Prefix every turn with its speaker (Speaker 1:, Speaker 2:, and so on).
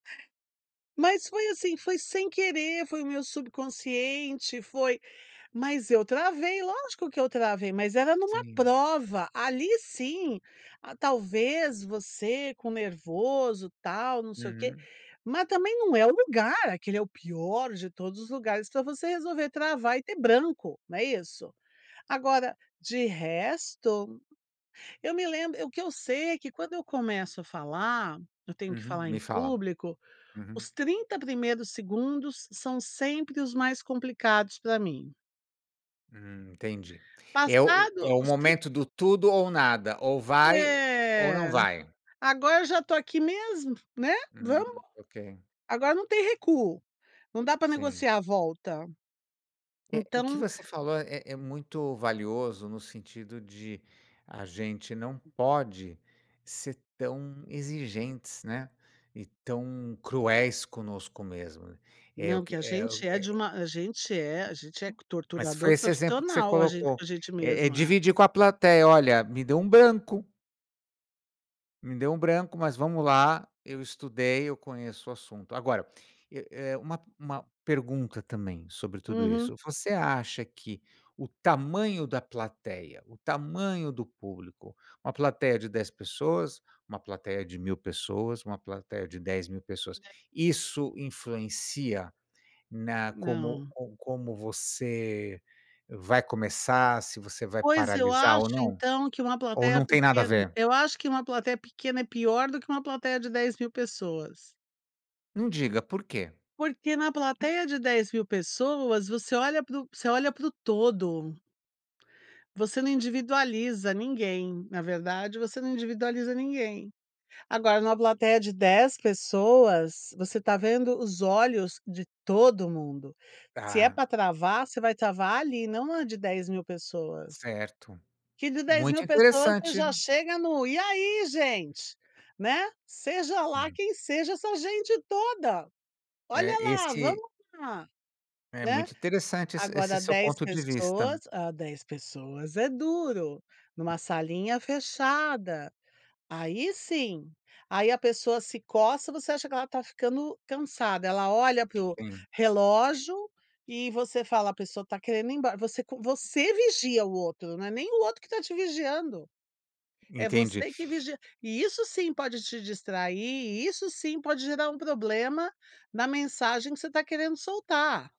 Speaker 1: Mas foi assim foi sem querer, foi o meu subconsciente, foi, mas eu travei, lógico que eu travei, mas era numa
Speaker 2: Sim.
Speaker 1: prova, ali sim, talvez você com nervoso tal, não sei o quê,
Speaker 2: Uhum.
Speaker 1: mas também não é o lugar, aquele é o pior de todos os lugares pra você resolver travar e ter branco, não é isso? Agora, de resto, eu me lembro o que eu sei é que quando eu começo a falar, eu tenho que
Speaker 2: Uhum.
Speaker 1: falar em
Speaker 2: Me fala.
Speaker 1: público,
Speaker 2: Uhum.
Speaker 1: os 30 primeiros segundos são sempre os mais complicados pra mim.
Speaker 2: Hum. Entendi. É o
Speaker 1: Passado
Speaker 2: é o
Speaker 1: os trin
Speaker 2: momento do tudo ou nada, ou vai ou não
Speaker 1: Eh,
Speaker 2: vai.
Speaker 1: agora eu já estou aqui mesmo, né,
Speaker 2: Hum,
Speaker 1: vamos
Speaker 2: ok.
Speaker 1: agora não tem recuo, não dá pra
Speaker 2: Sim.
Speaker 1: negociar a volta
Speaker 2: Eh, o que
Speaker 1: então
Speaker 2: você falou é é muito valioso no sentido de, a gente não pode ser tão exigentes, né, e tão cruéis conosco mesmo. É o
Speaker 1: Não,
Speaker 2: que
Speaker 1: que a
Speaker 2: é o
Speaker 1: gente é de
Speaker 2: é
Speaker 1: uma, a gente é a gente é
Speaker 2: Mas
Speaker 1: torturador
Speaker 2: foi esse exemplo que você
Speaker 1: profissional, a gente com
Speaker 2: colocou,
Speaker 1: a gente
Speaker 2: é é
Speaker 1: mesma.
Speaker 2: dividir com a plateia, olha, me deu um branco me deu um branco, mas vamos lá, eu estudei, eu conheço o assunto. Agora, eh eh uma uma pergunta também sobre tudo
Speaker 1: Uhum.
Speaker 2: isso. Você acha que o tamanho da plateia, o tamanho do público, uma plateia de 10 pessoas, uma plateia de 1.000 pessoas, uma plateia de 10.000 pessoas,
Speaker 1: [unintelligible]
Speaker 2: Isso influencia na como,
Speaker 1: Não.
Speaker 2: ou como você vai começar, se você vai
Speaker 1: Pois eu
Speaker 2: paralisar
Speaker 1: acho
Speaker 2: ou não?
Speaker 1: então que uma
Speaker 2: Ou
Speaker 1: plateia
Speaker 2: não tem nada a
Speaker 1: pequena,
Speaker 2: ver?
Speaker 1: eu acho que uma plateia pequena, é pior do que uma plateia de 10.000 pessoas.
Speaker 2: Não diga, por quê?
Speaker 1: Porque na plateia de 10.000 pessoas você olha para o você olha para o todo. Você não individualiza ninguém, na verdade você não individualiza ninguém. Agora numa plateia de 10 pessoas, você está vendo os olhos de todo mundo. Se é
Speaker 2: Ah.
Speaker 1: pra travar você vai travar ali, e não na de 10.000 pessoas.
Speaker 2: Certo.
Speaker 1: Que de dez
Speaker 2: Muito
Speaker 1: mil pessoas você
Speaker 2: interessante.
Speaker 1: já chega no, e aí gente? Né. Seja lá
Speaker 2: Hum.
Speaker 1: quem seja essa gente toda! Olha
Speaker 2: É
Speaker 1: lá,
Speaker 2: este
Speaker 1: vamos lá,
Speaker 2: é
Speaker 1: né.
Speaker 2: muito interessante esse esse
Speaker 1: Agora
Speaker 2: seu
Speaker 1: 10
Speaker 2: ponto de
Speaker 1: pessoas,
Speaker 2: vista.
Speaker 1: ah, 10 pessoas é duro, numa salinha fechada. Aí sim, aí a pessoa se coça você acha que ela está ficando cansada. Ela olha para o
Speaker 2: Sim.
Speaker 1: relógio e você fala: "A pessoa está querendo ir embora". Você, você vigia o outro, não é nem o outro que está te vigiando. É
Speaker 2: Entendi.
Speaker 1: você que vigia, e isso sim pode te distrair, e isso sim pode gerar um problema na mensagem que você está querendo soltar.